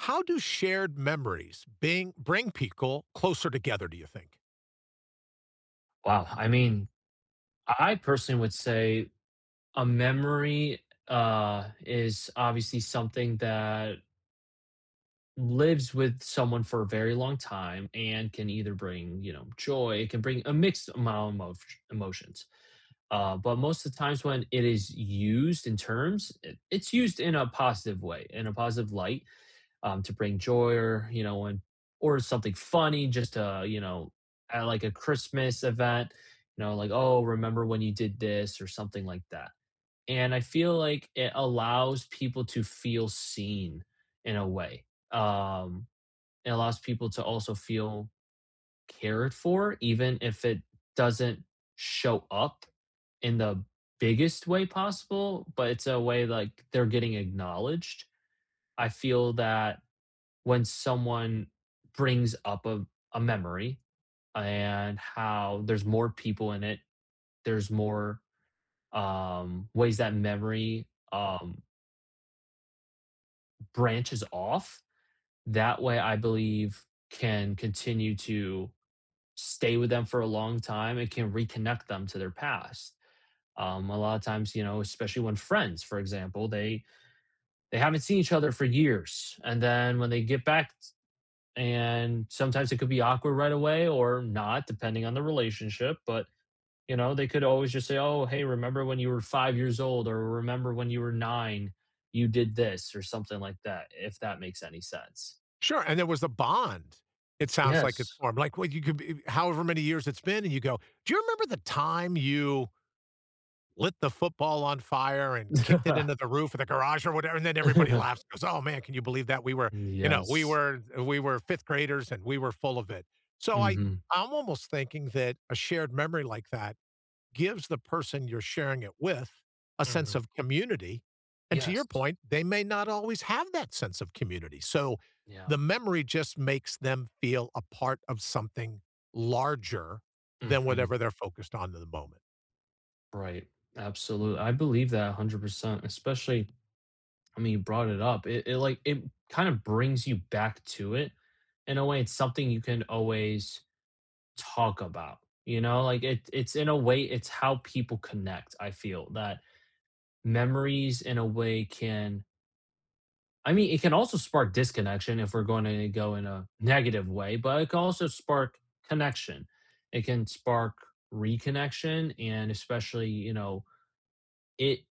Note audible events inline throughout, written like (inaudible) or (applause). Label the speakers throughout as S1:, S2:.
S1: How do shared memories bing bring people closer together, do you think?
S2: Wow, I mean, I I personally would say a memory, uh, is obviously something that lives with someone for a very long time and can either bring, you know, joy it can bring a mixed amount of sh emotions. Uh, but most the times when it is used in terms, it it's used in a positive way, in a positive light, um, to bring joy or, you know, when or something funny just to, you know, kinda like a Christmas event, you know, like, "Oh, remember when you did this," or something like that. And I feel like it allows people to feel seen in a way, um, it allows people to also feel cared for even if it doesn't show up in the biggest way possible, but it's a way, like, they're getting acknowledged. I feel that when someone brings up a a memory, uh, and how there's more people in it, there's more, um, ways that memory, um branches off. That way, I believe, can continue to stay with them for a long time, it can reconnect them to their past. Um, a lotta times, you know, especially when friends, for example, they they haven't seen each other for years, and then when they get back t and sometimes it could be awkward right away or not depending on the relationship, but, you know, they could always just say, "Oh, hey, remember when you were 5 years old?" or "Remember when you were 9, you did this?" or something like that, if that makes any sense.
S1: Sure and there was a bond, it sounds like it's
S2: Yes.
S1: formed. Like, when you could be if however many years it's been, and you go, "Do you remember the time you" “lit the football on fire and kicked it into
S2: (laughs)
S1: the roof of the garage?" or whatever, then everybody
S2: (laughs)
S1: laughs and goes, "Oh, man, can you believe that? We were
S2: Mm,
S1: "you know, "We
S2: yes.
S1: were the we were 5th graders and we were full of it." So I
S2: Mhm.
S1: I almost thinking that a shared memory like that gives the person you're sharing it with a sense
S2: Mhm.
S1: of community, and to your
S2: Yes, t
S1: point, they may not always have that sense of community, so,
S2: Yeah.
S1: the memory just makes them feel a part of something larger than
S2: Mhm.
S1: whatever they're focused on in the moment.
S2: Right. Absolu I believe that a 100%, especially, I mean, brought it up. It it like, it kinda brings you back to it, in a way, it's something you can always talk about, you know, like it it's in a way, it's how people connect, I feel, that, memories in a way can I mean, it can also spark disconnection if we're gonna go in a negative way, but it can also spark connection, it can spark reconnection and especially, you know, it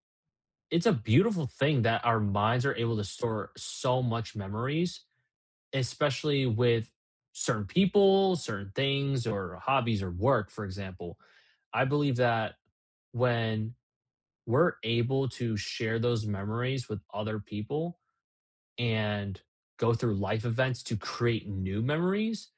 S2: it's a beautiful thing that our minds are able to store so much memories, especially with certain people, certain things, or hobbies or work, for example. I believe that, when we're able to share those memories with other people, and go through life events to create new memories,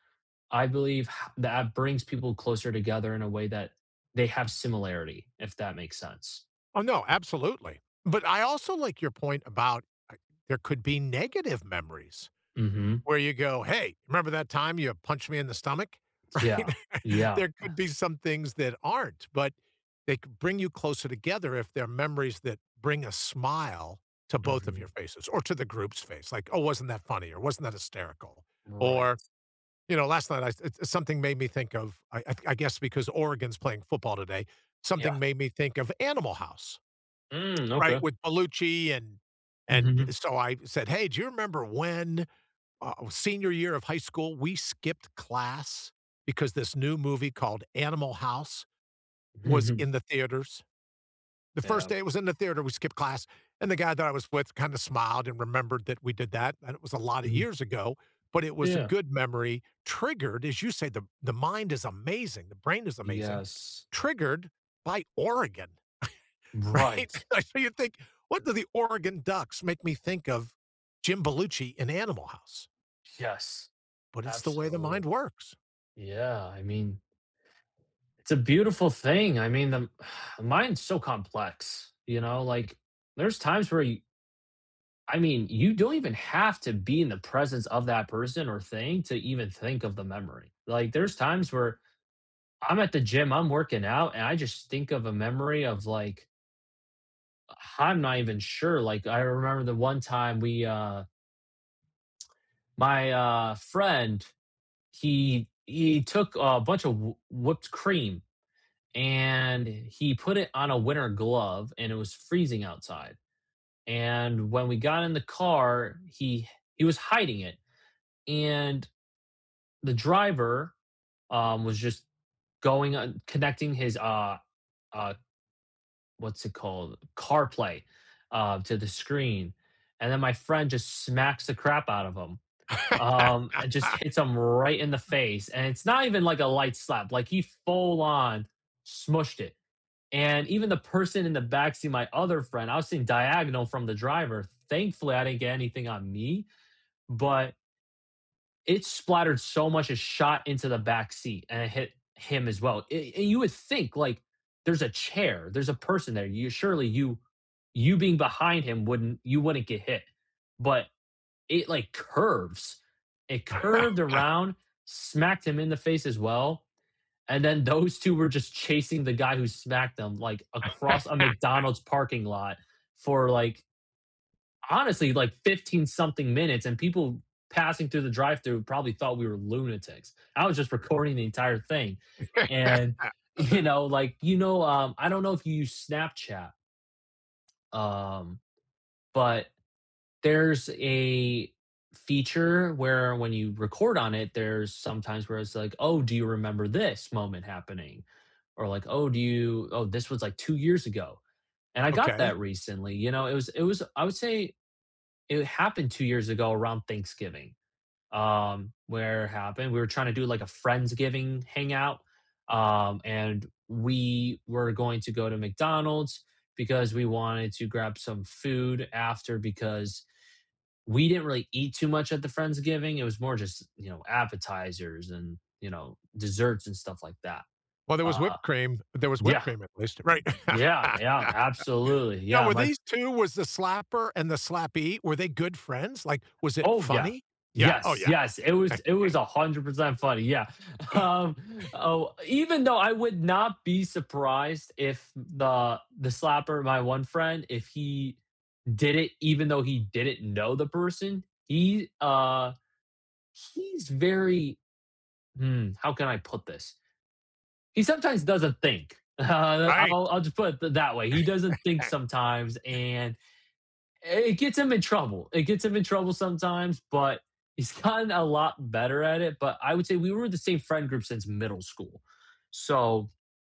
S2: I believe how that brings people closer together in a way that they have similarity, if that makes sense.
S1: Oh, no, absolutely, but I also like your point about, I there could be negative memories,
S2: Mhm.
S1: where you go, "Hey, remember that time you punched me in the stomach?"
S2: T yeah.
S1: (chuckles)
S2: Yeah.
S1: There
S2: Eh
S1: could be some things that aren't, but, they can bring you closer together if they're memories that bring a smile to both of your
S2: Mhm.
S1: faces, or to the group's face, like, "Oh, wasn't that funny," or, "Wasn't that hysterical?"
S2: Right.
S1: Or, you know, last night, I th s something, made me think of I I I guess because Oregon's playing football today,
S2: Yeah.
S1: something made me think of Animal House, (tsk)
S2: Mm,
S1: right,
S2: okay.
S1: with Bellucci, and and, eh,
S2: Mhm.
S1: so, I said, "Hey, do you remember when ah oh senior year of high school, we skipped class, because this new movie called Animal House, was
S2: Mhm.
S1: in the theaters?" The first
S2: Yep.
S1: day it was in the theater, we skipped class, and the guy that I was with kinda smiled and remembered that we did that, and it was a lotta
S2: Mhm.
S1: years ago, but it was a
S2: Yeah.
S1: good memory, triggered, as you say, the the mind is amazing! The brain is amazing
S2: Yes.
S1: triggered by Oregon, (chuckles)
S2: Right!
S1: right? So you think, "What do the Oregon Ducks make me think of Jim Bellucci in Animal House?"
S2: Yes,
S1: But it's the way the mind
S2: absolutely.
S1: works.
S2: Yeah, I mean it's a beautiful thing, I mean, um, (sighs) the mind's so complex, you know, like, there's times where, y I mean, you don't even have to be in the presence of that person or thing to even think of the memory, like, there's times where I'm at the gym, I'm working out, and I just think of a memory of, like H I'm not even sure, like, I remember the one time we, uh my, uh, friend, he he took a bunch of wh whipped cream, and he put it on a winter glove and it was freezing outside, and when we got in the car, he he was hiding it, and the driver, um, was just going uh, connecting his, uh uh, what's it called, CarPlay, uh, to the screen, and then my friend just smacks the crap out of him, um, and just
S1: (laughs)
S2: hits him right in the face, and it's not even like a light slap, like, he full on smooshed it, and even the person in the backseat, my other friend I was sitting diagonal from the driver, thankfully, I didn't get anything on me, but it splattered so much and shot into the backseat, and it hit him as well, a and you would think, like, there's a chair, there's a person there, you surely you you being behind him wouldn't you wouldn't get hit, but it, like, curves it curved
S1: (laughs)
S2: around, smacked him in the face as well, and then those 2 were just chasing the guy who smacked them, like, across a
S1: (laughs)
S2: McDonald's parking lot for, like honestly, like, 15 something minutes, and people passing through the drive-through, probably thought we were lunatics. I was just recording the entire thing, and, you
S1: (laughs)
S2: know, like you know, um, I don't know if you use Snapchat. Um, but, there's a feature where, when you record on it, there's sometimes, where it's like, "Oh, do you remember this moment happening?" Or like, "Oh, do you oh, this was like 2 years ago," and I got
S1: Okay.
S2: that recently, you know, it was it was I would say, it happened 2 years ago around Thanksgiving. Um, where it happened we were trying to do like a Friends-giving hangout, um, and we were going to go to McDonald's, because we wanted to grab some food after, because we didn't really eat too much at the Friends-giving, it was more just, you know, appetizers and, you know, desserts and stuff like that.
S1: Well, there was
S2: Uh,
S1: whipped cream there was whipped
S2: yeah
S1: cream at least right.
S2: Yeah
S1: (laughs)
S2: yeah, absolutely,
S1: Now
S2: yeah,
S1: were
S2: my
S1: these
S2: f
S1: 2 was the slapper and the slappee? Were they good friends? Like, was it
S2: Oh, yeah.
S1: funny? Yeah. Oh,
S2: Yes
S1: yeah.
S2: yes, it
S1: (laughs)
S2: was it was a 100% funny, yeah, um,
S1: (chuckles)
S2: oh, even though I would not be surprised if n the the slapper- my 1 friend- if he did it, even though he didn't know the person he, uh, he's very mm, how can I put this? He sometimes doesn't think, uh,
S1: Right!
S2: I'll I'll just put it that way, he doesn't think sometimes,
S1: (laughs)
S2: and i it gets him in trouble it gets him in trouble sometimes, but he's gotten a lot better at it, but I would say we were the same friend group since middle school, so,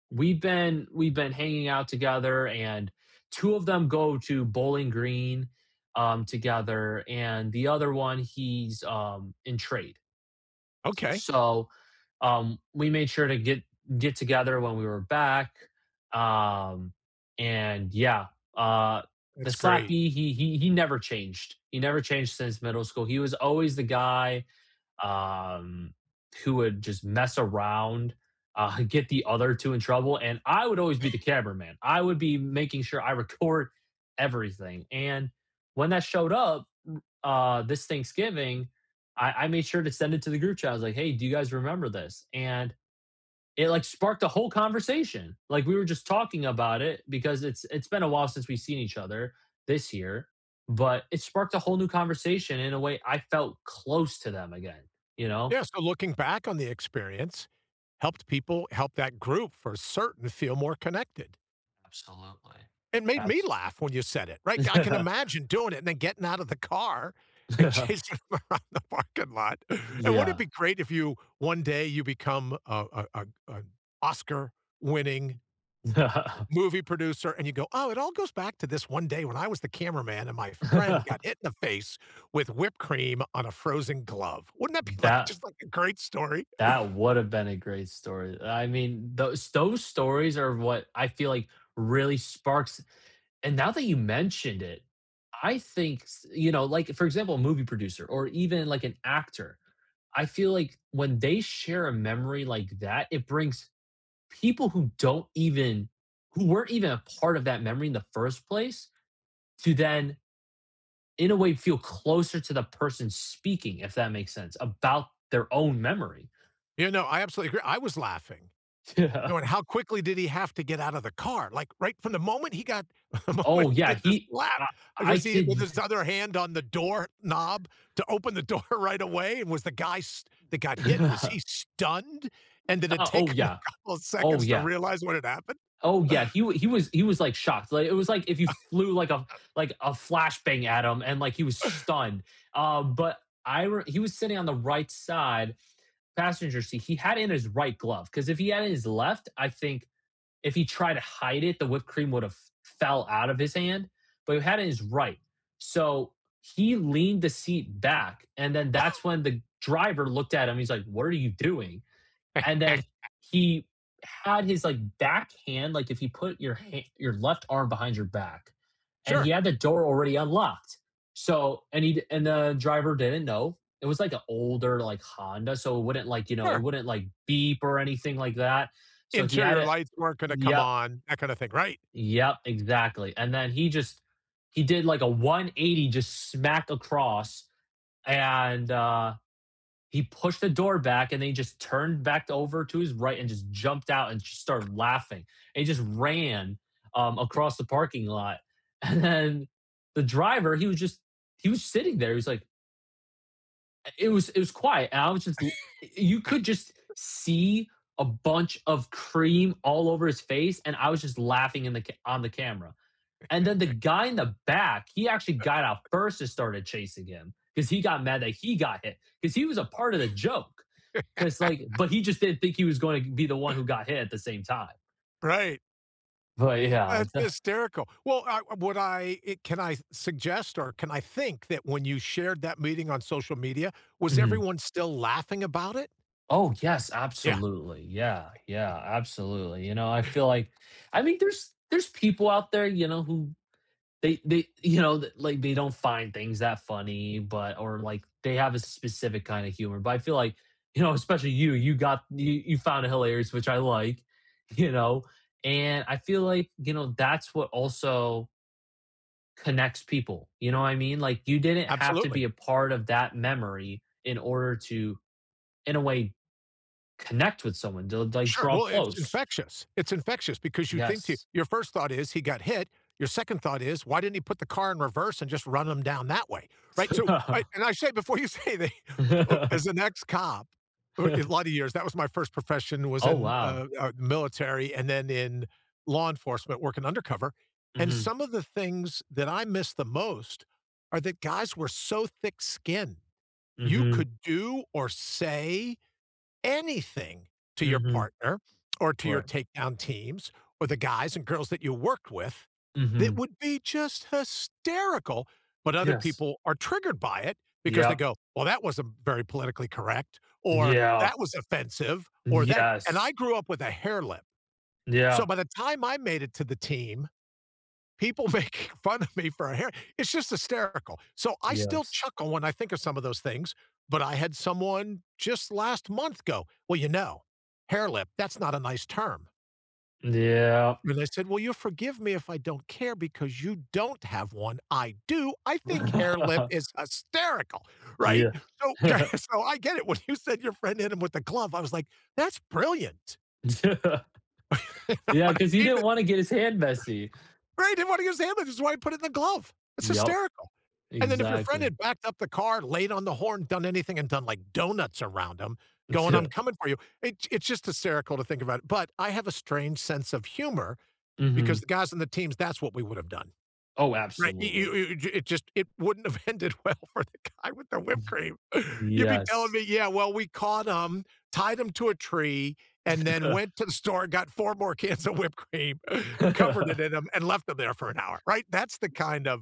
S2: we've been we've been hanging out together, and 2 of them go to Bowling Green, um, together and the other 1 he's, um, in trade.
S1: Okay.
S2: So, um, we made sure to get get together when we were back, um, and yeah, uh, the
S1: That's great.
S2: slappee, he he he never changed, he never changed since middle school, he was always the guy, um, who would just mess around, uh, get the other 2 in trouble, and I would always be the
S1: (chuckles)
S2: cameraman. I would be making sure I record everything, and when that showed up, r uh, this Thanksgiving, I I made sure to send it to the group chat, I was like, "Hey, do you guys remember this?" And it, like, sparked a whole conversation! Like, we were just talking about it, because it's it's been a while since we've seen each other, this year, but it sparked a whole new conversation in a way I felt close to them again, you know?
S1: Yes, so looking back on the experience, helped people help that group for certain feel more connected.
S2: Absolutely.
S1: It made me
S2: That's
S1: laugh when you said it, right, I can
S2: (laughs)
S1: imagine doing it and then getting out of the car and chasing
S2: (laughs)
S1: around the parking lot, and wouldn't it be
S2: Yeah.
S1: great if you one day, you become a a a a Oscar winning
S2: (laughs)
S1: movie producer and you go, "Oh, it all goes back to this one day when I was the cameraman and my friend got
S2: (laughs)
S1: hit in the face with whipped cream on a frozen glove." Wouldn't that be, like,
S2: That
S1: just like a great story?
S2: that would have been a great story, I mean, those those stories are what I feel like really sparks And now that you mentioned it, I think s you know, like, for example, a movie producer or even, like, an actor, I feel like when they share a memory like that, it brings people who don't even who weren't even a part of that memory in the first place to then, in a way, feel closer to the person speaking, if that makes sense, about their own memory.
S1: You know, I absolutely agree I was laughing. You kn and
S2: (laughs)
S1: how quickly did he have to get out of the car, like, right from the moment he got (chuckles) the moment
S2: Oh
S1: he
S2: yeah,
S1: did the
S2: he
S1: slap,
S2: I I
S1: was he
S2: could
S1: with
S2: d
S1: his other hand on the doorknob to open the door right away, and was the guy s that got hit, was he
S2: (laughs)
S1: stunned and did it
S2: Uh,
S1: take
S2: oh
S1: him a
S2: yeah,
S1: couple of
S2: oh,
S1: seconds to
S2: yeah.
S1: realize what had happened?
S2: Oh, yeah,
S1: (chuckles)
S2: he he was he was, like, shocked, like, it was like if you
S1: (laughs)
S2: flew like a like a flash bang at him and, like, he was
S1: (chuckles)
S2: stunned, uh, but I re he was sitting on the right side- passenger seat, he had in his right glove, 'cause if he had in his left, I think, if he tried to hide it, the whipped cream would have f fell out of his hand, but he had in his right. So, he leaned the seat back, and then that's
S1: (chuckles)
S2: when the driver looked at him, he's like, "What are you doing?" And then
S1: (laughs)
S2: he had his, like, back hand, like, if you put your ha your left arm behind your back, and he
S1: Sure.
S2: had the door already unlocked. So and he'd and the driver didn't know, it was, like, a older, like, Honda, so it wouldn't, like, you know, it
S1: Sure.
S2: wouldn't, like, beep or anything like that. So he had
S1: Interior
S2: a
S1: lights weren't gonna come
S2: yep.
S1: on, that kind of thing, right?
S2: Yep, exactly, and then he just he did, like, a 180 just smack across, and, uh, he pushed the door back, and then he just turned back over to his right and just jumped out and just started laughing, and he just ran, um, across the parking lot. And then the driver, he was just he was sitting there. He was like it was it was quiet, and I was just l eh, you could just
S1: (laughs)
S2: see a bunch of cream all over his face, and I was just laughing in the ca on the camera. And then the
S1: (chuckles)
S2: guy in the back, he actually got out
S1: (chuckles)
S2: first and started chasing him 'cause he got mad that he got hit 'cause he was a part of the joke. 'Cause, like
S1: (laughs)
S2: but he just didn't think he was going t be the one who
S1: (chuckles)
S2: got hit at the same time.
S1: Right.
S2: Right, yeah.
S1: That's
S2: (chuckles)
S1: hysterical. Well, I uh, what I i can I s suggest or can I think that, when you shared that meeting on social media, was
S2: Mhm.
S1: everyone still laughing about it?
S2: Oh, yes,
S1: Yeah.
S2: absolutely. Yeah. Yeah,
S1: (chuckles)
S2: absolutely. You know, I feel
S1: (chuckles)
S2: like, I mean, there's there's people out there, you know, who they they, you know, like, they don't find things that funny, but or, like, they have a specific kinda humor, but I feel like, you know, especially you, you got you you found it hilarious, which I like, you know, and I feel like, you know, that's what also connects people, you know what I mean? Like, you didn't have to be
S1: Absolutely.
S2: a part of that memory in order to, in a way, connect with someone, du like,
S1: Sure.
S2: draw
S1: Well, i it's
S2: close.
S1: infectious. It's infectious because you think to
S2: Yes.
S1: your first thought is, "He got hit." Your second thought is, "Why didn't he put the car in reverse and just run 'em down that way?" Right? So I
S2: (chuckles)
S1: and I say before you say that as an
S2: (chuckles)
S1: ex-cop, uh, a lotta
S2: (chuckles)
S1: years, that was my first profession was
S2: Oh,
S1: in,
S2: wow.
S1: uh, uh, military and then in law enforcement working undercover, and
S2: Mhm.
S1: some of the things that I miss the most, are that guys were so thick-skinned. You
S2: Mhm.
S1: could do or say anything to your
S2: Mhm.
S1: partner, or to your
S2: Right.
S1: takedown teams, or the guys and girls that you worked with that
S2: Mhm.
S1: would be just hysterical, but other
S2: Yes.
S1: people are triggered by it because they
S2: Yep.
S1: go, "Well, that wasn't very politically correct," or
S2: Yeah.
S1: "That was offensive," or "That" and
S2: Yes.
S1: I grew up with a hairlip,
S2: Yeah.
S1: so by the time I made it to the team, people make fun of me for a hair it's just hysterical. So, I still
S2: Yes.
S1: chuckle when I think of some of those things, but I had someone just last month go, "Well, you know, 'hairlip,' that's not a nice term."
S2: Yeah.
S1: And I said, "Well, you'll forgive me if I don't care because you don't have one, I do. I think hair lip is
S2: (laughs)
S1: hysterical." Right?
S2: Yeah.
S1: So (laughs)
S2: (chuckles)
S1: so I get it. When you said, "Your friend hit him with a glove", I was like, "that's brilliant".
S2: (laughs)
S1: (laughs) You know
S2: Yeah,
S1: what
S2: 'cause
S1: I
S2: he
S1: mean,
S2: didn't
S1: but (clears throat)
S2: wanna get his hand messy.
S1: Right, he didn't want to use his hand, which is why he put it in the glove. It's
S2: Yep.
S1: hysterical. And then if your friend
S2: Exactly.
S1: had backed up the car, laid on the horn, done anything, and done, like, donuts around him going, "I'm
S2: (chuckles)
S1: coming for you." It it's just hysterical to think about it, but I have a strange sense of humor because the
S2: Mhm.
S1: guys on the teams, that's what we would have done.
S2: Oh,
S1: Right? You you
S2: absolutely.
S1: you it it just it wouldn't have ended well for the guy with the whipped
S2: Ye
S1: cream. You'd be telling
S2: yes.
S1: me, "Yeah, well, we caught 'em, tied 'em to a tree, and then went to the
S2: (laughs)
S1: store, got 4 more cans of whipped cream, covered it in 'em, and left 'em there for an hour." Right? That's the
S2: (laughs)
S1: kind of,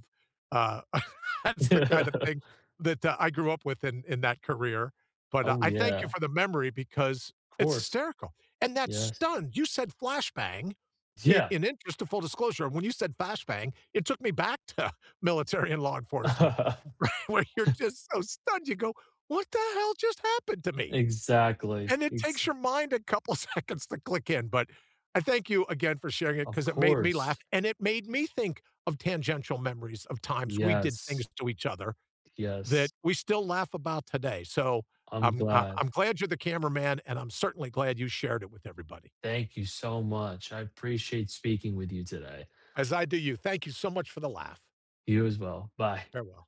S1: uh (laughs) that's the kind of thing
S2: (laughs)
S1: that, uh, I grew up with in in that career. But, uh,
S2: Oh,
S1: I thank you
S2: yeah.
S1: for the memory because it's
S2: 'Course.
S1: hysterical, and that
S2: Yes.
S1: stunned, you said, "flashbang"
S2: Yeah!
S1: in interest of full disclosure, when you said "flashbang," it took me back to, uh, military and law enforcement. Right, where you're
S2: (laughs)
S1: just so stunned, you go, "What the hell just happened to me?"
S2: Exactly.
S1: and it takes
S2: Exa
S1: your mind a couple seconds to click in but I thank you again for sharing it
S2: Of
S1: 'cause it made me laugh,
S2: course.
S1: and it made me think of tangential memories of times we did
S2: Yes.
S1: things to each other, that
S2: Yes.
S1: we still laugh about today, so,
S2: I'm
S1: um, uh,
S2: glad.
S1: I'm glad you're the cameraman, and I'm certainly glad you shared it with everybody.
S2: Thank you so much. I appreciate speaking with you today.
S1: As I do you, thank you so much for the laugh.
S2: You as well. Bye.
S1: Farewell.